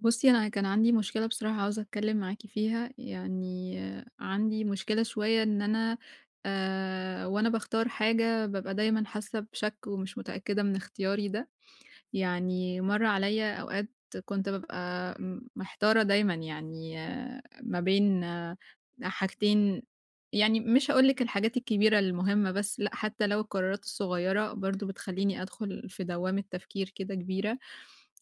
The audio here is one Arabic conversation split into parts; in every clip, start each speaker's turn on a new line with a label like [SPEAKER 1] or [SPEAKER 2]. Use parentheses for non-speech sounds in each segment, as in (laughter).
[SPEAKER 1] بُصِّي، أنا كان عندي مشكلة بصراحة، عاوزة أتكلَّم معاكِ فيها. يعني، عندي مشكلة شوية، إن أنا آآ، وأنا باختار حاجة، بابقى دايمًا حاسَّة بشك ومش متأكِّدة من اختياري ده. يعني، مَر عليَّا أوقات، كنت بابقى محتارة دايمًا، يعني، ما بين حاجتين يعني، مش هاقول لِك الحاجات الكبيرة المهمَّة بس، لأ، حتى لو القرارات الصغيرة، برضه، بتخلِّيني أدخل في دوامة تفكير كده كبيرة.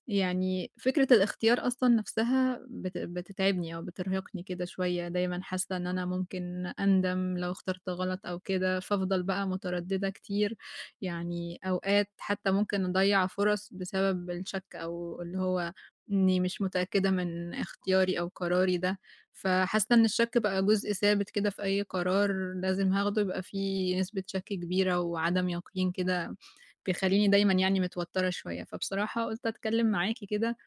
[SPEAKER 1] يعني، فكرة الاختيار أصلًا نفسها، بت بتتعبني أو بترهقني كده شوية، دايمًا حاسَّة إن أنا ممكن أندم لو اخترت غلط أو كده، فافضل بقى مترددة كتير. يعني، أوقات، حتى ممكن أضيِّع فرص بسبب الشك، أو اللي هو، إنِّي مش متأكِّدة من اختياري أو قراري ده. فحاسَّة إن الشك بقى جزء ثابت كده في أي قرار، لازم هاخده، يبقى في نسبة شك كبيرة وعدم يقين كده، بيخلِّيني دايمًا يعني، متوتِّرة شوية. فبصراحة، قُلت أتكلَّم معاكِ كده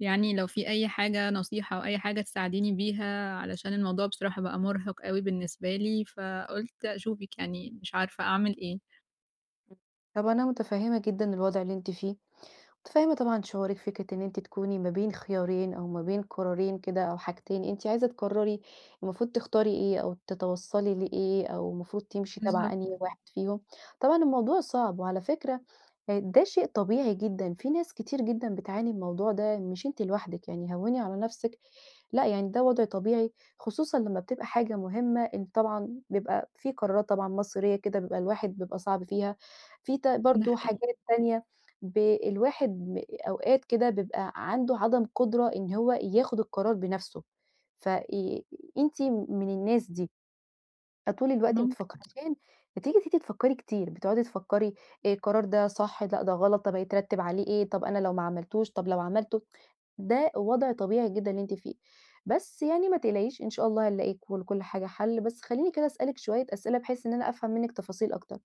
[SPEAKER 1] يعني، لو في أي حاجة نصيحة أو أي حاجة تساعديني بيها، علشان الموضوع بصراحة بقى مُرهِق أوي بالنسبة لي، فقُلت أشوفِك يعني، مش عارفة أعمل إيه؟
[SPEAKER 2] امم. طب، أنا متفهِّمة جدًا الوضع اللي أنتِ فيه، متفهِّمة طبعًا شعورِك. فكرة إن أنتِ تكوني ما بين خيارين أو ما بين قرارين كده، أو حاجتين، أنتِ عايزة تقرِّري، المفروض تختاري إيه، أو تتوصَّلي لإيه، أو المفروض تمشي تبع
[SPEAKER 1] بالضبط.
[SPEAKER 2] أنهي واحد فيهم، طبعًا الموضوع صعب. وعلى فكرة، آآ، ده شيء طبيعي جدًا، في ناس كتير جدًا بتعاني من الموضوع ده، مش أنتِ لوحدِك يعني، هوِّني على نفسِك، لأ، يعني ده وضع طبيعي، خصوصًا لمّا بتبقى حاجة مهمَّة، إن طبعًا بيبقى في قرارات طبعًا مصيرية كده، بيبقى الواحد بيبقى صعب فيها. في ت
[SPEAKER 1] ده
[SPEAKER 2] برضه
[SPEAKER 1] حقيقي.
[SPEAKER 2] حاجات تانية، ب الواحد ب أوقات كده بيبقى عنده عدم قدرة إن هو ياخد القرار بنفسه. فآآ أنتِ من الناس دي، أ طول الوقت
[SPEAKER 1] ممكن.
[SPEAKER 2] بتفكِّر عشان بتيجي أنتِ أنتِ تفكِّري كتير، بتقعدي تفكِّري: "آآ، القرار ده صح؟ لأ، ده غلط، طب، هيترتَّب عليه إيه؟ طب، أنا لو ما عملتوش؟ طب، لو عملته؟" ده وضع طبيعي جدًا اللي أنتِ فيه. بس يعني ما تقلقيش، إن شاء الله، هنلاقي كل لكُل حاجة حل. بس، خلِّيني كده أسألِك شوية أسئلة، بحيث إن أنا أفهم منِّك تفاصيل أكتر.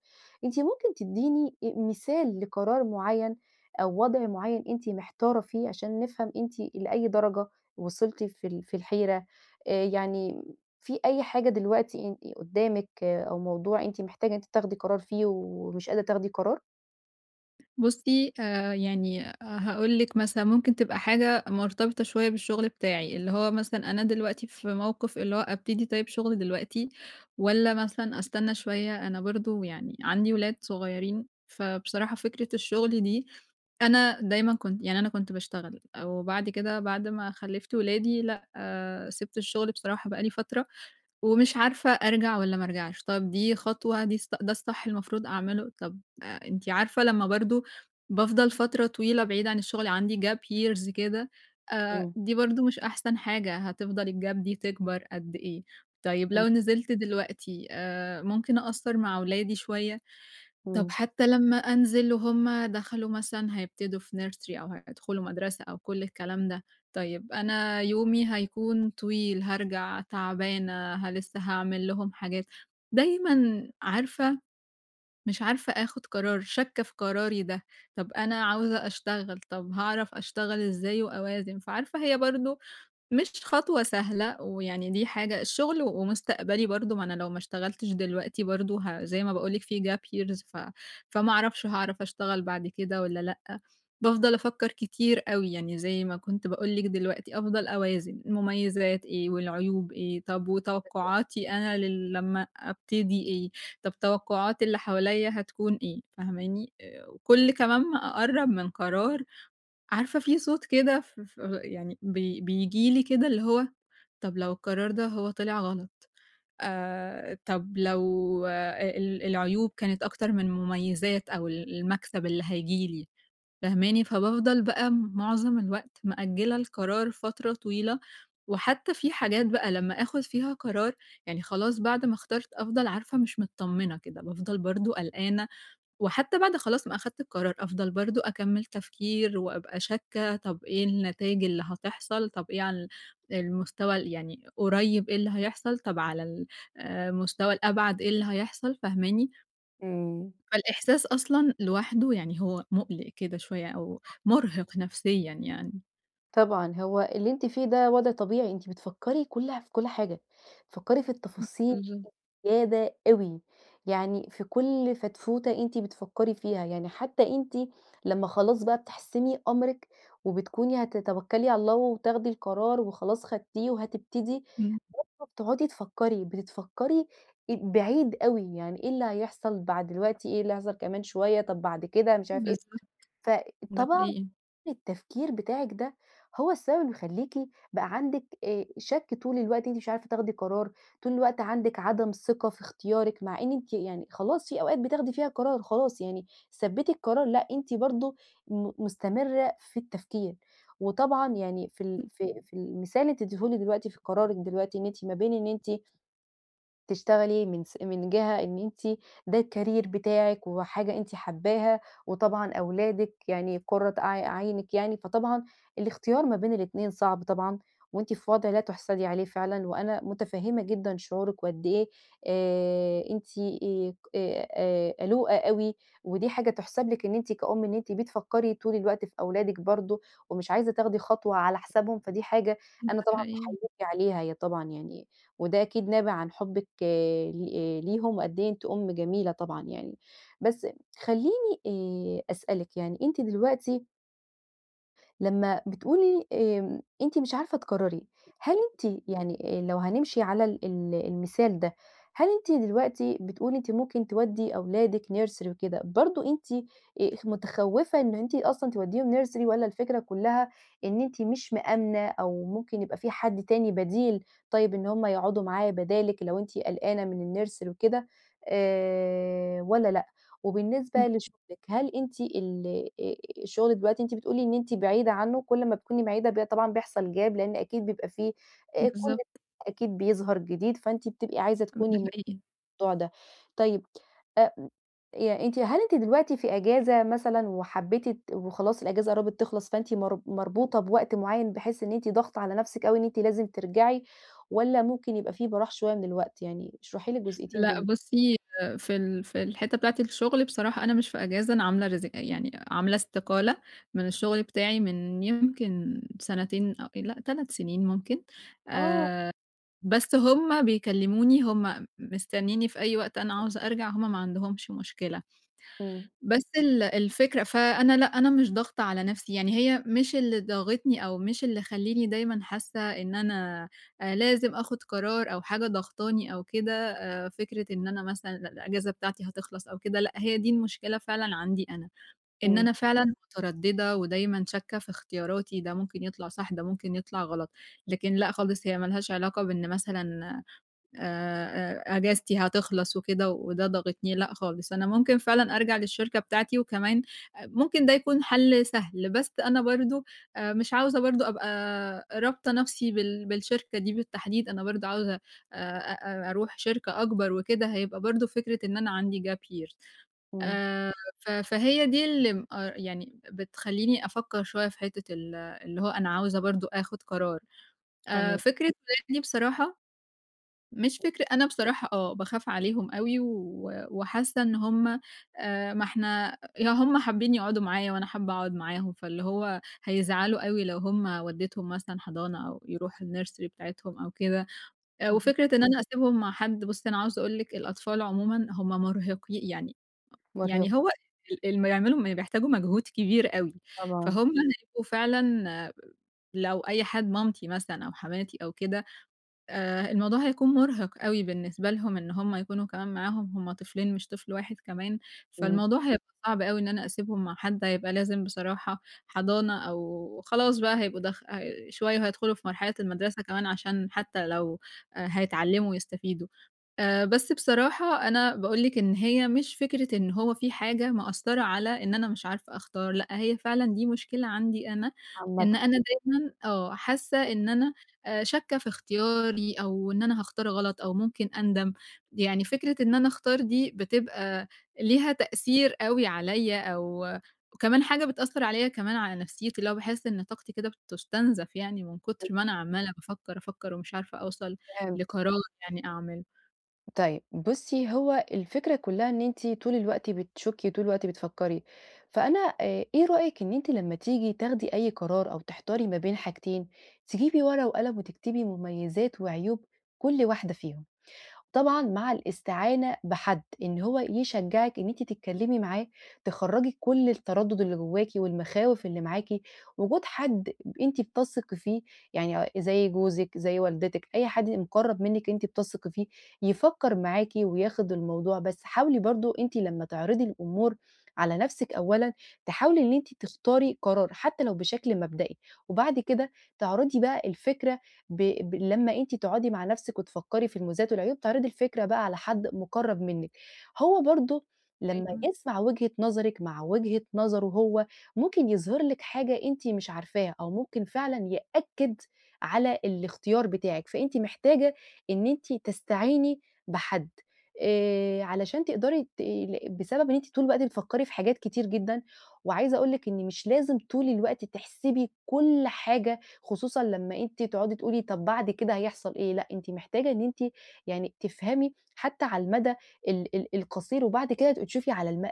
[SPEAKER 2] أنتِ ممكن تدِّيني مثال لقرار معيَّن أو وضع معيَّن أنتِ محتارة فيه، عشان نفهم أنتِ لأي درجة وصِلتِ في ال في الحيرة. آآ، يعني في أي حاجة دلوقتي ان قدامِك أو موضوع أنتِ محتاجة إن أنتِ تاخدي قرار فيه ومش قادرة تاخدي قرار؟
[SPEAKER 1] بُصِّي، آآ، يعني هاقول لِك مثلًا، ممكن تبقى حاجة مرتبطة شوية بالشغل بتاعي، اللي هو مثلًا، أنا دلوقتي في موقف اللي هو ابتدي طيب شغلي دلوقتي والّا مثلًا أستنى شوية، أنا برضه يعني عندي ولاد صغيِّرين، فبصراحة فكرة الشغل دي، أنا دايمًا كنت يعني أنا كنت باشتغل وبعد كده بعد ما خلَّفت ولادي لأ، آآ، سِبت الشغل بصراحة بقى لي فترة ومش عارفة أرجع والّا ما أرجعش. طَب، دي خطوة، دي ده الصح المفروض أعمله؟ طَب، أنتِ عارفة لمّا برضه بافضل فترة طويلة بعيدة عن الشغل عندي gap years كده، آآ،
[SPEAKER 2] إمم.
[SPEAKER 1] دي برضه مش أحسن حاجة هتفضل الgap دي تكبر قد إيه؟ طيب،
[SPEAKER 2] إمم.
[SPEAKER 1] لو نزِلت دلوقتي، آآ، ممكن أقصِّر مع ولادي شوية. طَب،
[SPEAKER 2] إمم.
[SPEAKER 1] حتى لمّا أنزل وهُم دخلوا مثلًا هيبتدوا في nursery أو هيدخلوا مدرسة أو كُل الكلام ده. طيب، أنا يومي هيكون طويل، هارجع تعبانة، ه لسَّه هاعمل لهم حاجات. دايمًا عارفة، مش عارفة آخد قرار شاكَّة في قراري ده. طَب، أنا عاوزة أشتغل، طَب، هاعرف أشتغل إزاي وأوازن؟ فعارفة، هي برضه مش خطوة سهلة ويعني، دي حاجة، الشغل ومستقبلي برضه، ما أنا لو ما اشتغلتش دلوقتي، برضه، ه زي ما
[SPEAKER 2] امم.
[SPEAKER 1] باقول لِك في gap years، ف فما أعرفش، هاعرف أشتغل بعد كده والّا لأ. بافضل أفكِّر كتير أوي يعني، زي ما كنت باقول لِك دلوقتي، أفضل أوازن، المميزات إيه والعيوب إيه. طَب، وتوقعاتي
[SPEAKER 2] (unintelligible)
[SPEAKER 1] أنا ل لمّا أبتدي إيه؟ طَب، توقعات اللي حواليَّ هتكون إيه؟ فاهماني؟ وكُل كمان ما أقرَّب من قرار، عارفة في صوت كده، ف ف يعني ب بييجي لي كده، اللي هو: "طَب، لو القرار ده هو طلع غلط؟ آآ، طَب، لو ال العيوب كانت أكتر من المميزات، أو المكسب اللي هييجي لي؟" فاهماني؟ فبافضل بقى، معظم الوقت، مأجِّلة القرار فترة طويلة. وحتى في حاجات بقى، لمّا آخد فيها قرار، يعني خلاص، بعد ما اخترت، أفضل عارفة مش مطمِّنة كده. بافضل برضه قلقانة، وحتى بعد خلاص ما أخدت القرار، أفضل برضه أكمِّل تفكير، وأبقى شاكَّة، طَب، إيه النتايج اللي هتحصل؟ طَب، إيه عن ال المستوى يعني، قريِّب إيه اللي هيحصل؟ طَب، على ال آآ، المستوى الأبعد إيه اللي هيحصل؟ فاهماني؟
[SPEAKER 2] امم.
[SPEAKER 1] فالإحساس أصلًا لوحده يعني هو مُقلق كده شوية، أو
[SPEAKER 2] طبعًا.
[SPEAKER 1] مُرهق نفسيًا يعني.
[SPEAKER 2] طبعًا، هو اللي أنتِ فيه ده وضع طبيعي أنتِ بتفكري كله في كُل حاجة، تفكري في
[SPEAKER 1] إمم،
[SPEAKER 2] التفاصيل
[SPEAKER 1] اهم.
[SPEAKER 2] زيادة أوي، يعني في كُل فتفوتة أنتِ بتفكري فيها، يعني حتّى أنتِ لمّا خلاص بقى بتحسمي أمرِك وبتكوني هتتوكلي على الله وتاخدي القرار وخلاص خدتيه وهتبتدي
[SPEAKER 1] إمم.
[SPEAKER 2] (unintelligible) تقعدي تفكري، بتفكري بعيد أوي يعني إيه اللي هيحصل بعد دلوقتي، إيه اللي هيحصل كمان شوية، طَب بعد كده مش عارفة إيه،
[SPEAKER 1] بالضبط، ده
[SPEAKER 2] فطبعًا
[SPEAKER 1] حقيقي.
[SPEAKER 2] التفكير بتاعِك ده هو السبب اللي بيخلّيكِ بقى عندِك آآ، شك طول الوقت أنتِ مش عارفة تاخدي قرار، طول الوقت عندِك عدم ثقة في اختيارِك، مع إن أنتِ يعني خلاص في أوقات بتاخدي فيها قرار خلاص، يعني ثبتي القرار، لأ، أنتِ برضه م مستمرّة في التفكير. وطبعًا يعني في ال
[SPEAKER 1] إمم.
[SPEAKER 2] في في المثال اللي أنت اديتهوني دلوقتي في قرارِك دلوقتي إن أنتِ ما بين إن أنتِ تشتغلي من س من جهة إن أنتِ ده الcareer بتاعكِ وحاجة أنتِ حابّاها، وطبعًا أولادِك يعني قرة ع عينِك يعني، فطبعًا الاختيار ما بين الاتنين صعب طبعًا وأنتِ في وضع لا تُحسَدي عليه فعلًا، وأنا متفهمّة جدًا شعورِك وقد إيه آآ، أنتِ آآ، قلوقة أوي، ودي حاجة تحسب لِك إن أنتِ كأم إن أنتِ بتفكري طول الوقت في أولادِك برضه ومش عايزة تاخدي خطوة على حسابهم، فدي حاجة
[SPEAKER 1] إمم،
[SPEAKER 2] أنا
[SPEAKER 1] ده
[SPEAKER 2] طبعًا
[SPEAKER 1] حقيقي.
[SPEAKER 2] باحيِّيكِ عليها هي طبعًا يعني، وده أكيد نابع عن حبِّك ل ليهم وقدّ إيه أنتِ أم جميلة طبعًا يعني. بس خليني آآ، أسألِك يعني أنتِ دلوقتي لمّا بتقولي آمم، أنتِ مش عارفة تقرّري، هل أنتِ يعني آآ لو هنمشِي على ال ال المثال ده، هل أنتِ دلوقتي بتقولي أنتِ ممكن تودّي أولادِك nursery وكده، برضه أنتِ آآ متخوّفة إنه أنتِ أصلًا تودّيهم nursery والّا الفكرة كلّها إن أنتِ مش مآمنة أو ممكن يبقى في حد تاني بديل طيب إن هُم يقعُدوا معاه بدالِك لو أنتِ قلقانة من الnursery وكده آآ، والّا لأ؟ وبالنسبة
[SPEAKER 1] إمم.
[SPEAKER 2] لشُغلِك هل أنتِ ال آآ شُغلِك دلوقتي أنتِ بتقولي إن أنتِ بعيدة عنّه كل ما تكوني بعيدة ب طبعًا بيحصَل Gap لإن أكيد بيبقى في آآ، كل (unintelligible)
[SPEAKER 1] بالضبط.
[SPEAKER 2] أكيد بيظهَر جديد، فأنتِ بتبقي عايزة
[SPEAKER 1] إمم.
[SPEAKER 2] تكوني
[SPEAKER 1] ده
[SPEAKER 2] م (unintelligible)
[SPEAKER 1] حقيقي.
[SPEAKER 2] الموضوع ده طيب أ م أنتِ هل أنتِ دلوقتي في إجازة مثلًا وحبّيتِ ت وخلاص الإجازة قرّبِت تخلَص فأنتِ مر مربوطة بوقت معيّن بحيث إن أنتِ ضاغطة على نفْسِك أوي إن أنتِ لازم ترجَعي، والّا ممكن يبقى في براح شوية من الوقت؟ يعني اشرحي لي الجزئيّتين
[SPEAKER 1] لأ
[SPEAKER 2] دُول.
[SPEAKER 1] بُصّي، آآ في ال في الحِتّة بتاعة الشغل بصراحة أنا مش في إجازة، أنا عاملة رز يعني عاملة استقالة من الشغل بتاعي من يمكن سنتين أ لأ 3 سنين ممكن، آآ،
[SPEAKER 2] آه.
[SPEAKER 1] بس هُم بيكلّموني، هُم مستنّينني في أي وقت، أنا عاوزة أرجَع، هُم ما عندهُمش مشكلة.
[SPEAKER 2] إمم.
[SPEAKER 1] بس ال الفكرة فأنا لأ، أنا مش ضاغطة على نفْسي، يعني هي مش اللي ضاغطني أو مش اللي خلّيني دايمًا حاسّة إن أنا آآ، لازم آخُذ قرار أو حاجة ضاغطاني أو كده آآ، فكرة إن أنا مثلًا الإجازة بتاعتي هتخلَص أو كده، لأ هي دي المشكلة فعلًا عندي أنا، إن
[SPEAKER 2] إمم.
[SPEAKER 1] أنا فعلًا متردّدة ودايمًا شاكّة في اختياراتي ده ممكن يطلَع صح، ده ممكن يطلَع غلط، لكن لأ خالص هي مالهاش علاقة بإن مثلًا آآ، أجازتي هتخلَص وكده وده ضاغطني، لأ خالص، أنا ممكن فعلًا أرجَع للشركة بتاعتي وكمان ممكن ده يكون حَل سهل، بس أنا برضه آآ مش عاوزة برضه أبقى رابطة نفْسي بال بالشركة دي بالتحديد، أنا برضه عاوزة آآ أ أرُوح شركة أكبَر وكده، هيبقى برضه فكرة إن أنا عندي Gap year.
[SPEAKER 2] إمم.
[SPEAKER 1] آآ، ف فهي دي اللي م آآ يعني بتخلّيني أفكّر شوية في حِتّة ال اللي هو أنا عاوزة برضه آخُذ قرار آآ
[SPEAKER 2] تمام.
[SPEAKER 1] فكرة (unintelligible) بصراحة مش
[SPEAKER 2] (unintelligible)
[SPEAKER 1] فكر أنا بصراحة آه، باخاف عليهم أوي و وحاسّة إن هُم آآ، ما إحنا لو هُم حابّين يقعُدوا معايا وأنا حابة أقعُد معاهم فاللي هو هيزعَلوا أوي لو هُم ودّيتهم مثلًا حضانة أو يرُوحوا الnursery بتاعتهم أو كده.
[SPEAKER 2] اهم.
[SPEAKER 1] وفكرة إن أنا أسيبهم مع حَد، بُصّي أنا عاوزة أقول لِك الأطفال عمومًا هُم مرهقي يعني
[SPEAKER 2] مرهِق.
[SPEAKER 1] يعني هو ال اللي ما يعملوا م بيحتاجوا مجهود كبير أوي،
[SPEAKER 2] طبعًا.
[SPEAKER 1] فهُم هيبقوا فعلًا لو أي حد مامتي مثلًا أو حماتي أو كده، آآ، الموضوع هيكُون مرهِق أوي بالنسبة لهُم إن هُم يكونوا كمان معاهم، هُم طفلين مش طفل واحد كمان،
[SPEAKER 2] إمم.
[SPEAKER 1] فالموضوع هيبقى صعب أوي إن أنا أسيبهم مع حد، هيبقى لازم بصراحة حضَانة أو خلاص بقى هيبقوا دخ هي شوية وهيدخُلوا في مرحلة المدرسة كمان عشان حتى لو آآ، هيتعلّموا ويستفيدوا. آآ، بس بصراحة أنا باقول لِك إن هي مش فكرة إن هو في حاجة مأثّرة على إن أنا مش عارفة أختار، لأ هي فعلًا دي مشكلة عندي أنا
[SPEAKER 2] عامةً.
[SPEAKER 1] إن أنا دايمًا آه، حاسّة
[SPEAKER 2] آه.
[SPEAKER 1] إن أنا آآ، شاكة في اختياري أو إن أنا هاختار غلط أو ممكن أندَم، يعني فكرة إن أنا أختار دي بتبقى ليها تأثير أوي عليَّ أو وكمان حاجة بتأثّر عليَّ كمان على نفْسيتي، اللي هو باحس إن طاقتي كده بتُستنزَف يعني من
[SPEAKER 2] (unintelligible)
[SPEAKER 1] كتر ما أنا عمّالة بافكّر، أفكّر ومش عارفة أوصَل
[SPEAKER 2] فهمت.
[SPEAKER 1] لقرار يعني أعمله.
[SPEAKER 2] طيب، بُصِّي، هو الفكرة كلَّها إن أنتِ طول الوقت بتشكِّي، طول الوقت بتفكِّري. فأنا آآ، إيه رأيِك إن أنتِ لمّا تيجي تاخدي أي قرار أو تحتاري ما بين حاجتين، تجيبي ورقة وقلم وتكتبي مميزات وعيوب كُل واحدة فيهم؟ وطبعًا مع الاستعانة بحد إن هو يشجِّعِك إن أنتِ تتكلَّمي معاه، تخرِّجي كُل التردُّد اللي جوَّاكِ والمخاوف اللي معاكِ. وجود حد، آآ، ب أنتِ بتثقي فيه، يعني آآ، زيّ جوزِك، زيّ والدتِك، أي حد يبقى مُقرَّب منِّك أنتِ بتثقي فيه، يفكِّر معاكِ وياخُد الموضوع بس حاولي برضه أنتِ لمّا تعرضي الأمور على نَفْسِك أولًا، تحاولي إن أنتِ تختاري قرار حتى لو بشكل مبدئي، وبعد كده تعرضي بقى الفكرة، ب ب لمّا أنتِ تقعدي مع نَفْسك وتفكِّري في المميزات والعيوب، تعرضي الفكرة بقى على حد مُقرَّب منِّك، هو برضه لمّا
[SPEAKER 1] أيوه.
[SPEAKER 2] يسمع وجهة نظرِك مع وجهة نظره هو، ممكن يظهر لِك حاجة أنتِ مش عارفاها، أو ممكن فعلًا يأكِّد على الاختيار بتاعِك. فأنتِ محتاجة إن أنتِ تستعيني بحد آآ، علشان تقدري تقلِّ بسبب إن أنتِ طول الوقت بتفكِّري في حاجات كتير جدًا. وعايزة أقول لِك إن مش لازم طول الوقت تحسبي كُل حاجة، خصوصًا لمّا أنتِ تقعدي تقولي: "طب، بعد كده هيحصل إيه؟" لأ، أنتِ محتاجة إن أنتِ يعني تفهمي حتى على المدى ال ال القصير وبعد كده تبقي تشوفي على الم ع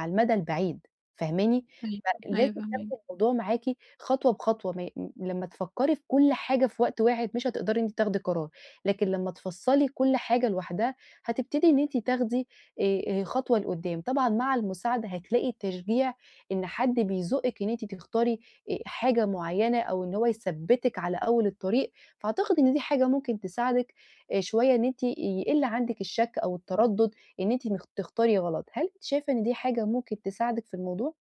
[SPEAKER 2] على المدى البعيد. فاهماني؟
[SPEAKER 1] أيوه،
[SPEAKER 2] فلازم
[SPEAKER 1] أيوه فهماكِ.
[SPEAKER 2] تاخدي الموضوع معاكِ خطوة بخطوة. ما ي م لمّا تفكِّري في كل حاجة في وقت واحد مش هتقدري إن أنتِ تاخدي قرار، لكن لمّا تفصِّلي كل حاجة لوحدها هتبتدي إن أنتِ تاخدي، آآ، آآ، خطوة لقدَّام. طبعًا مع المساعدة هتلاقي التشجيع، إن حد بيزُقِّك إن أنتِ تختاري، آآ، حاجة معيَّنة، أو إن هو يثبِّتِك على أول الطريق. فأعتقد إن دي حاجة ممكن تساعدِك، آآ، شوية، إن أنتِ يقِل عندك الشك أو التردُّد إن أنتِ م تختاري غلط. هل أنت شايفة إن دي حاجة ممكن تساعدِك في الموضوع؟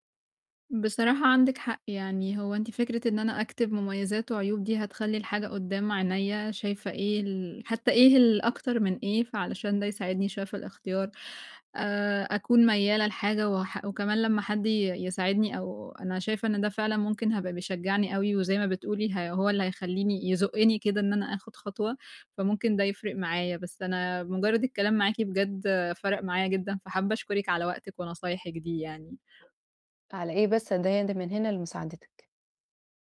[SPEAKER 1] بصراحة، عندِك حق، يعني هو أنتِ فكرة إن أنا أكتب مميزات وعيوب، دي هتخلِّي الحاجة قدَّام عينيَّا، شايفة إيه ال حتى إيه ال أكتر من إيه، فعشان ده يساعدني شوية في الاختيار، آآ، أكون مايِّلة لحاجة واح وكمان لمّا حد ي يساعدني، أو أنا شايفة إن ده فعلًا ممكن هيبقى بيشجِّعني أوي، وزيّ ما بتقولي، ه هو اللي هيخلِّيني يزُقِّني كده، إن أنا آخُد خطوة. فممكن ده يفرِّق معايا. بس أنا مُجرَّد الكلام معاكِ، بجد فرِّق معايا جدًا. فحابَّة أشكرِك على وقتِك ونصايحِك دي يعني.
[SPEAKER 2] على إيه بَس أنا دايمًا من هنا لمساعدتِك.